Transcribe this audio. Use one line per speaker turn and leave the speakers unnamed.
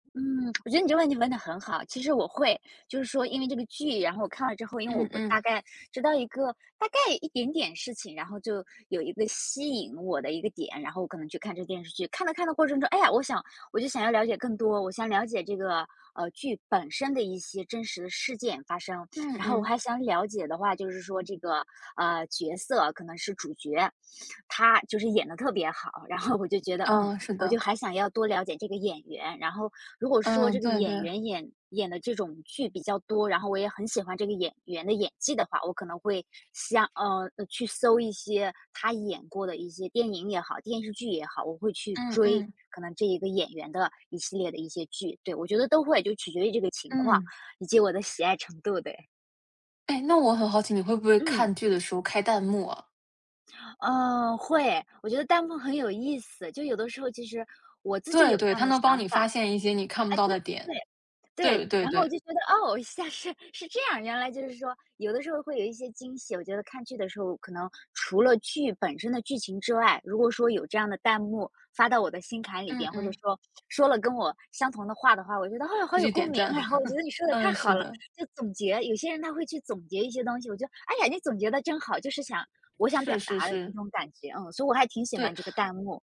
嗯，我觉得你这个问题问得很好。其实我会，就是说因为这个剧，然后看了之后，因为
嗯
我我大
嗯。
概知道一个大概一点点事情，然后就有一个吸引我的一个点，然后我可能去看这个电视剧。看的看的过程中，唉呀，我想我就想要了解更多，我想了解这个，呃，剧本身的一些真实的事件发生。
嗯
然后我
嗯。
还想了解的话，就是说这个，呃，角色可能是主角，他就是演得特别好，然后我就觉得，嗯，
嗯，是
我就
的。
还想要多了解这个演员。然后，如果说
嗯，
这个
对
演
对。
员，演演得这种剧比较多，然后我也很喜欢这个演员的演技的话，我可能会，想呃，去搜一些他演过的一些电影也好，电视剧也好，我会去
嗯
追，
嗯。
可能这一个演员的一系列的一些剧。对，我觉得都会，就取决于这个情况，
嗯。
以及我的喜爱程度的哎。
诶，那我很好奇，你会不会
嗯。
看剧的时候开弹幕啊？
嗯，会。我觉得弹幕很有意思。就有的时候，其实，我自己
对
有这
对，
样
它
的
能帮
想
你发
法，
现一些你看不
哎，
到
对
的
对
点。
对。对，
对对
然后我
对。
就觉得，哦，现在是是这样，原来就是说，有的时候会有一些惊喜。我觉得看剧的时候可能，除了剧本身的剧情之外，如果说有这样的弹幕，发到我的心坎里
嗯
边，或者
嗯。
说，说了跟我相同的话的话，我觉得，啊，好
会
有
去
共
点
鸣。
赞。
然后我觉得 你说的太
嗯，是
好了，
的。
就总结，有些人他会去总结一些东西，我觉得，哎呀，你总结得真好，就是想我想
是
表
是
达的那
是。
种感觉。嗯，所以我还挺喜
对。
欢这个弹幕。